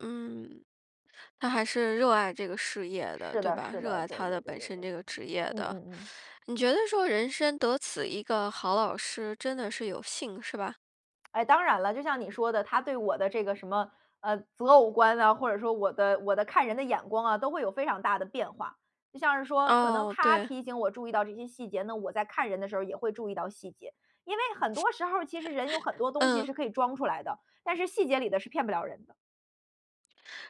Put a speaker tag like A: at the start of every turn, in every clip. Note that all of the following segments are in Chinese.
A: 嗯，他还是热爱这个事业的，
B: 是
A: 对
B: 的
A: 吧？
B: 是
A: 热
B: 的，
A: 爱
B: 对
A: 他的
B: 对对
A: 本
B: 对对
A: 身这个
B: 对，
A: 职业
B: 嗯
A: 的。
B: 嗯嗯。
A: 你觉得说，人生得此一个好老师，真的是有幸，是吧？
B: 哎，当然啦，就像你说的他对我的这个什么，呃，择偶观啊，或者说我的我的看人的眼光啊，都会有非常大的变化。就像是说可能
A: 哦，
B: 他
A: 对。
B: 提醒我注意到这些细节呢，我在看人的时候也会注意到细节。因为很多时候其实人有很多 东西
A: 嗯。
B: 是可以装出来的，但是细节里的是骗不了人的。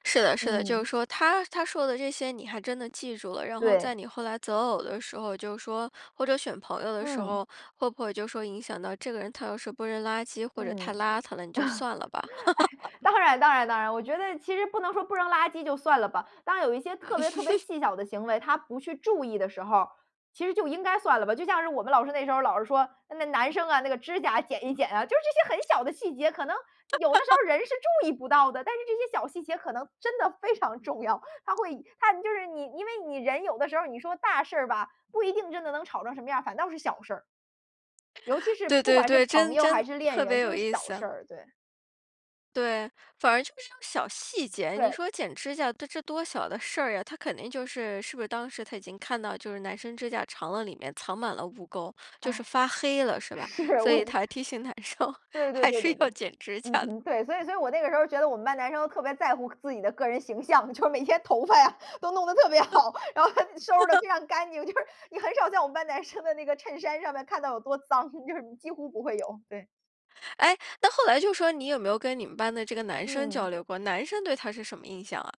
A: 是的是的。就是
B: 嗯。
A: 说他他说的这些你还真的记住了，然后在
B: 对。
A: 你后来择偶的时候就是说或者选朋友的时
B: 嗯。
A: 候，会不会就说影响到这个人他要是不扔垃圾或者太
B: 嗯，
A: 邋遢了，你就算了吧？
B: 哎，当然当然当然。我觉得其实不能说不扔垃圾就算了吧，但有一些特别特别 细小的行为他不去注意的时候儿，其实就应该算了吧。就像是我们老师那时候老师说：“那男生啊，那个指甲剪一剪啊。“就是这些很小的细节可能有的时 候人是注意不到的，但是这些小细节可能真的非常重要。他会他就是你因为你人有的时候你说大事儿吧，不一定真的能吵成什么样，反倒是小事儿。尤其是
A: 对
B: 不
A: 对
B: 管是
A: 对，
B: 朋
A: 真
B: 友还
A: 真
B: 是恋
A: 特别
B: 人，就
A: 有
B: 是
A: 意
B: 小事
A: 思。
B: 儿，对。
A: 对，反而就是这种小细节，你
B: 对。
A: 说剪指甲，这多小的事儿啊，他肯定就是是不是当时他已经看到就是男生指甲长了里面藏满了污垢，就是
B: 唉。
A: 发黑了是吧？
B: 是，
A: 所
B: 我
A: 以
B: 就
A: 他提醒男生，
B: 对对
A: 还
B: 对
A: 是
B: 对对，
A: 要剪指甲
B: 嗯
A: 的。
B: 嗯，对。所以所以我那个时候觉得我们班男生都特别在乎个自己的个人形象，就是每天头发呀都弄得特别好，然后还得收拾得 非常干净，就是你很少在我们班男生的那个衬衫上面看到有多脏，就是几乎不会有，对。
A: 诶，那后来就说你有没有跟你们班的这个男生交
B: 嗯。
A: 流过，男生对他是什么印象啊？